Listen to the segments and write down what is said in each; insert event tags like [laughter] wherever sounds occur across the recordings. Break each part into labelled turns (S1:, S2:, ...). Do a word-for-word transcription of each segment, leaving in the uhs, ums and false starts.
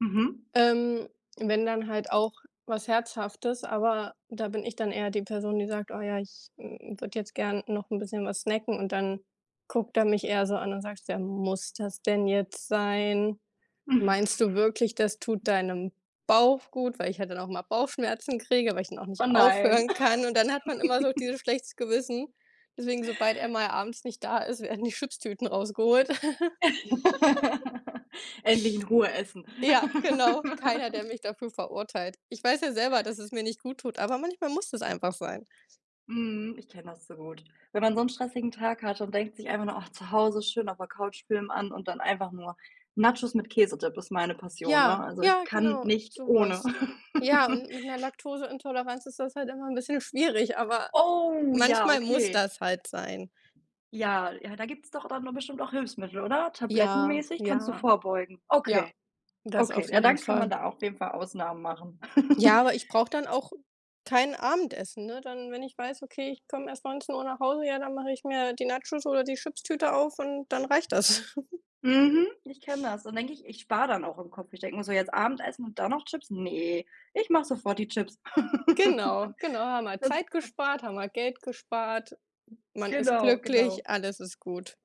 S1: Mhm.
S2: Ähm, wenn dann halt auch was Herzhaftes, aber da bin ich dann eher die Person, die sagt: „Oh ja, ich, hm, würde jetzt gerne noch 'n bisschen was snacken“ und dann guckt er mich eher so an und sagt: „Ja, muss das denn jetzt sein? Meinst du wirklich, das tut
S1: [sighs]
S2: deinem Bauch gut?“ Weil ich halt dann auch immer Bauchschmerzen kriege, weil ich dann auch
S1: Oh
S2: nicht
S1: nein.
S2: aufhören kann und dann hat man immer so auch
S1: [chuckles]
S2: dieses schlechtes Gewissen. Deswegen, sobald er mal abends nicht da ist, werden die Chipstüten rausgeholt. [laughs]
S1: [laughs] Endlich in Ruhe essen.
S2: Ja,
S1: [laughs]
S2: genau. Keiner, der mich dafür verurteilt. Ich weiß ja selber, dass es mir nicht gut tut, aber manchmal muss das einfach sein.
S1: Mhm, ich kenne das zu gut. Wenn man so 'n stressigen Tag hat und denkt sich einfach nur, ach, zu Hause schön auf der Couch, Film an und dann einfach nur Nachos mit Käsedip ist meine Passion, ne?
S2: Ja.
S1: Also, ich
S2: Ja,
S1: kann
S2: genau,
S1: nicht
S2: so
S1: ohne.
S2: was. Ja,
S1: [laughs]
S2: und mit 'ner Laktoseintoleranz ist das halt immer 'n bisschen schwierig, aber
S1: Oh ja,
S2: manchmal muss
S1: okay.
S2: das halt sein.
S1: Ja, ja da gibt's doch dann noch bestimmt auch Hilfsmittel, oder,
S2: Ja,
S1: tablettenmäßig kannst du
S2: ja.
S1: vorbeugen.
S2: Ja,
S1: Okay.
S2: das
S1: Okay,
S2: auf
S1: ja
S2: jeden
S1: dann kann man
S2: Fall.
S1: da auch auf jeden Fall Ausnahmen machen. [chuckles]
S2: Ja, aber ich brauche dann auch kein Abendessen, ne? Dann wenn ich weiß, okay, ich komm erst neunzehn Uhr nach Hause, ja, dann mache ich mir die Nachos oder die Chipstüte auf und dann reicht das. [giggles]
S1: Mhm, ich kenne das. Dann denke ich, ich spare dann auch im Kopf. Ich denke mir so: „Jetzt Abendessen und dann noch Chips? Ne, ich mache sofort die Chips.”
S2: Genau, genau.
S1: [chuckles]
S2: Haben wir
S1: Sonst,
S2: Zeit
S1: pa
S2: gespart, haben wir Geld gespart. Man ist
S1: Genau, genau.
S2: glücklich, alles ist gut.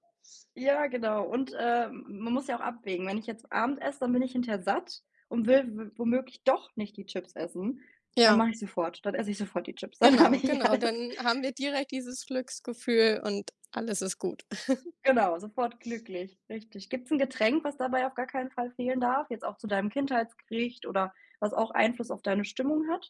S1: Ja, genau und, äh, m man muss ja auch abwägen. Wenn ich jetzt Abend esse, dann bin ich hinterher satt und will w womöglich doch nicht die Chips essen. Dann
S2: Ja.
S1: mache ich sofort dann esse ich sofort die Chips, dann habe
S2: Genau,
S1: ich
S2: genau,
S1: alles.
S2: dann haben wir direkt dieses Glücksgefühl und alles ist gut. [giggles]
S1: Genau, sofort glücklich, richtig. Gibt's 'n Getränk, was dabei auf gar keinen Fall fehlen darf, jetzt auch zu deinem Kindheitsgericht oder was auch Einfluss auf deine Stimmung hat?